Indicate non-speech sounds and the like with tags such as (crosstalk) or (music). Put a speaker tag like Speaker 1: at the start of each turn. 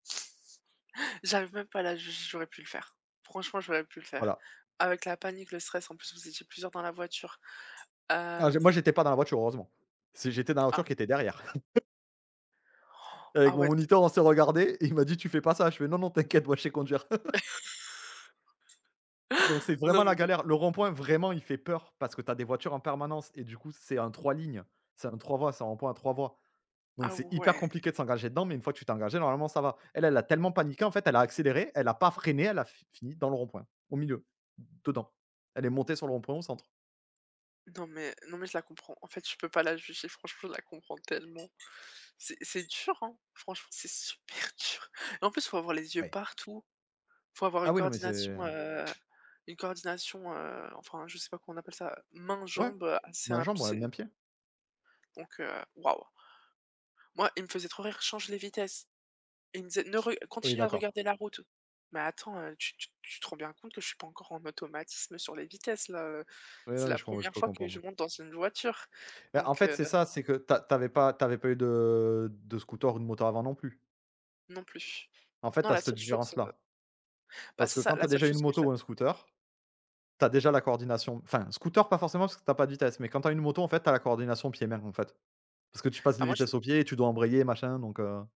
Speaker 1: (gasps) J'arrive même pas à la je j'aurais pu le faire. Franchement, j'aurais pu le faire.
Speaker 2: Voilà.
Speaker 1: Avec la panique, le stress, en plus, vous étiez plusieurs dans la voiture.
Speaker 2: Ah, j'ai moi,
Speaker 1: Hem
Speaker 2: j'étais pas dans la voiture, heureusement. C'est j'étais dans la voiture
Speaker 1: Ah.
Speaker 2: qui était derrière. (chuckles)
Speaker 1: (gasps) Ah,
Speaker 2: Avec mon
Speaker 1: ouais, d
Speaker 2: moniteur, on s'est regardé, et il m'a dit: «Tu fais pas ça». Je fais: «Non, non, t'inquiète, moi je sais conduire». (chuckles) Non c'est
Speaker 1: (laughs) Non,
Speaker 2: vraiment
Speaker 1: mais
Speaker 2: la
Speaker 1: le
Speaker 2: galère. Le rond point vraiment il fait peur, parce que tu as des voitures en permanence et du coup c'est un 3 lignes, c'est un 3 voies, c'est un rond point à 3 voies, donc
Speaker 1: Ah,
Speaker 2: c'est hyper
Speaker 1: ouais!
Speaker 2: compliqué de s'engager dedans, mais une fois que tu t'es engagé, normalement ça va. Elle elle a tellement paniqué, en fait, elle a accéléré, elle a pas freiné, elle a fi fini dans le rond point, au milieu, dedans. Elle est montée sur le rond point au centre.
Speaker 1: Non mais non mais je la comprends, en fait, je peux pas la juger franchement je la comprends tellement. C'est c'est dur, hein? Franchement, c'est super dur, et en plus, il faut avoir les yeux
Speaker 2: Ouais.
Speaker 1: partout, il faut avoir une
Speaker 2: Ah oui, non, mais c'est
Speaker 1: coordination, heu une coordination, heu, enfin je sais pas comment on appelle ça, main
Speaker 2: Ouais,
Speaker 1: jambe, heu, assez
Speaker 2: main,
Speaker 1: imp
Speaker 2: jambe, ouais,
Speaker 1: c'est
Speaker 2: main, pied.
Speaker 1: Donc heu, waouh! Moi il me faisait trop rire: «Change les vitesses». Il me disait: «Ne re
Speaker 2: Oui,
Speaker 1: continue à
Speaker 2: d'accord.
Speaker 1: regarder la route». «Mais attends, heu, tu tu tu te rends bien compte que je suis pas encore en automatisme sur les vitesses là, heu,
Speaker 2: Oui,
Speaker 1: c'est
Speaker 2: non, mais
Speaker 1: la
Speaker 2: mais je
Speaker 1: 1re
Speaker 2: peux
Speaker 1: fois que je
Speaker 2: comprendre.
Speaker 1: monte dans une voiture»,
Speaker 2: Bah, en
Speaker 1: donc
Speaker 2: fait,
Speaker 1: heu
Speaker 2: c'est ça, c'est que tu as tu avais pas tu avais pas eu de de scooter ou de moto avant, non plus?
Speaker 1: Non plus.
Speaker 2: En fait, tu
Speaker 1: Non,
Speaker 2: as
Speaker 1: la
Speaker 2: cette
Speaker 1: seule chose,
Speaker 2: différence là.
Speaker 1: heu Ben,
Speaker 2: Parce
Speaker 1: c'est
Speaker 2: que
Speaker 1: ça,
Speaker 2: quand tu
Speaker 1: la
Speaker 2: as
Speaker 1: seule
Speaker 2: déjà eu une
Speaker 1: chose que je
Speaker 2: moto ou un scooter. Tu as déjà la coordination, enfin scooter pas forcément parce que tu as pas de vitesses, mais quand tu as une moto, en fait, tu as la coordination pieds et mains, en fait. Parce que tu passes
Speaker 1: Bah,
Speaker 2: les
Speaker 1: moi, je l
Speaker 2: vitesses au pied et tu dois embrayer machin, donc heu